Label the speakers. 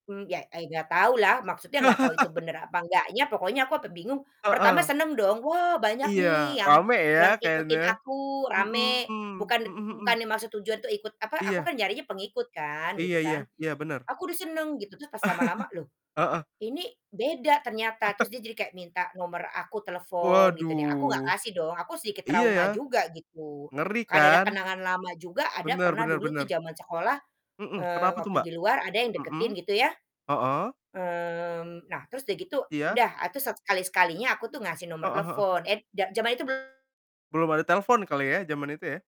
Speaker 1: Hmm, iya eh nggak tahu lah, maksudnya enggak tahu itu benar apa enggaknya pokoknya sampai aku bingung, pertama
Speaker 2: Heeh.
Speaker 1: senang dong, "Wah, banyak
Speaker 2: Iya,
Speaker 1: nih yang
Speaker 2: rame ya
Speaker 1: yang
Speaker 2: kayaknya?
Speaker 1: ikutin aku, rame."
Speaker 2: Mhm
Speaker 1: Bukan, de m
Speaker 2: mhm
Speaker 1: bukan
Speaker 2: mhm.
Speaker 1: maksud tujuan tuh ikut, apa aku
Speaker 2: Iya.
Speaker 1: kan nyarinya pengikut kan gitu
Speaker 2: Iya iya,
Speaker 1: kan,
Speaker 2: iya benar.
Speaker 1: aku udah senang gitu, terus pas lama-lama loh,
Speaker 2: Heeh.
Speaker 1: ini beda ternyata, terus dia jadi kayak minta nomor aku, telepon gitu nih. Aku nggak
Speaker 2: Waduh.
Speaker 1: kasih dong, aku sedikit
Speaker 2: Iya
Speaker 1: trauma
Speaker 2: ya,
Speaker 1: juga gitu,
Speaker 2: ngeri
Speaker 1: karena ada
Speaker 2: kan?
Speaker 1: kenangan lama juga ada
Speaker 2: Benar
Speaker 1: pernah
Speaker 2: benar
Speaker 1: dulu tuh
Speaker 2: benar.
Speaker 1: zaman sekolah,
Speaker 2: Mhm,
Speaker 1: eee,
Speaker 2: kenapa tuh,
Speaker 1: waktu
Speaker 2: Mbak?
Speaker 1: di luar, ada yang
Speaker 2: Mhm,
Speaker 1: deketin gitu ya,
Speaker 2: heeh.
Speaker 1: mmm, nah, terus udah gitu
Speaker 2: Iya.
Speaker 1: udah, ah tuh satu kali sekalinya aku tuh ngasih nomor
Speaker 2: Heeh heeh.
Speaker 1: telepon. Et za zaman itu belum
Speaker 2: Belum ada telepon kali ya, zaman itu ya?